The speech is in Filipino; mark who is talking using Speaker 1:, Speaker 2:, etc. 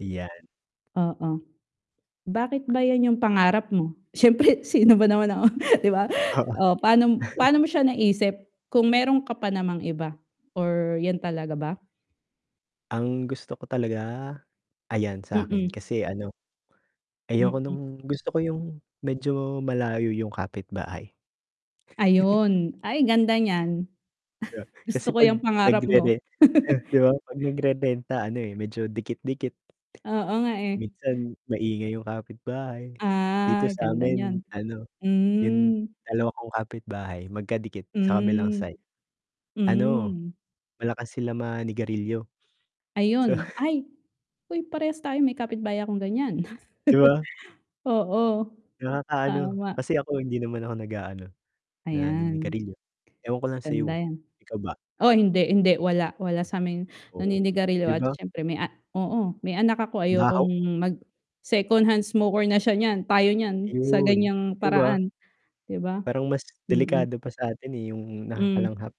Speaker 1: Ayan.
Speaker 2: Oo, bakit ba 'yan yung pangarap mo? Siyempre sino ba naman ako, 'di ba?
Speaker 1: Oo.
Speaker 2: O pa'no pa'no mo siya naisip, kung meron ka pa namang iba, or 'yan talaga ba?
Speaker 1: Ang gusto ko talaga? Ayan, sa'kin,
Speaker 2: Mm.
Speaker 1: kasi ano, ayoko
Speaker 2: Mm.
Speaker 1: no'ng gusto ko yung, medyo malayo yung kapitbahay.
Speaker 2: Ayun. Ay ganda niyan.
Speaker 1: Yeah,
Speaker 2: Gusto
Speaker 1: kasi,
Speaker 2: ko
Speaker 1: 'pag
Speaker 2: yang pangarap mo.
Speaker 1: nagrere 'di ba, 'pag nagrerenta ano, eh, medyo dikit-dikit.
Speaker 2: Oo nga, eh.
Speaker 1: Minsan, maingay yung kapitbahay, dito
Speaker 2: Ah, ganda
Speaker 1: sa'min
Speaker 2: niyan,
Speaker 1: ano, yung
Speaker 2: hmm.
Speaker 1: dalawa kong kapitbahay, magkadikit sa kabilang
Speaker 2: Hmm,
Speaker 1: side, ano,
Speaker 2: hmm.
Speaker 1: malakas sila manigarilyo. So
Speaker 2: Ayun. Ay, uy, parehas tayo, may kapitbay akong ganyan.
Speaker 1: 'Di ba?
Speaker 2: Oo,
Speaker 1: Nakakaano,
Speaker 2: tama.
Speaker 1: kasi ako hindi naman ako nag-aano,
Speaker 2: Ayan.
Speaker 1: naninigarilyo, ewan ko lang
Speaker 2: Ganda
Speaker 1: sa'yo,
Speaker 2: yan.
Speaker 1: ikaw ba?
Speaker 2: Oh, hindi, hindi, wala, wala sa'ming
Speaker 1: Oo,
Speaker 2: naninigarilyo,
Speaker 1: 'di
Speaker 2: at
Speaker 1: ba?
Speaker 2: siyempre may a oo, may anak ako,
Speaker 1: Ang baho.
Speaker 2: ayokong, mag secondhand smoker na siya niyan, tayo niyan, sa
Speaker 1: Ayun,
Speaker 2: ganyang
Speaker 1: 'di ba?
Speaker 2: paraan, 'di ba?
Speaker 1: Parang mas
Speaker 2: Mm.
Speaker 1: delikado pa sa atin, eh, yung
Speaker 2: Hmm.
Speaker 1: nakakalanghap.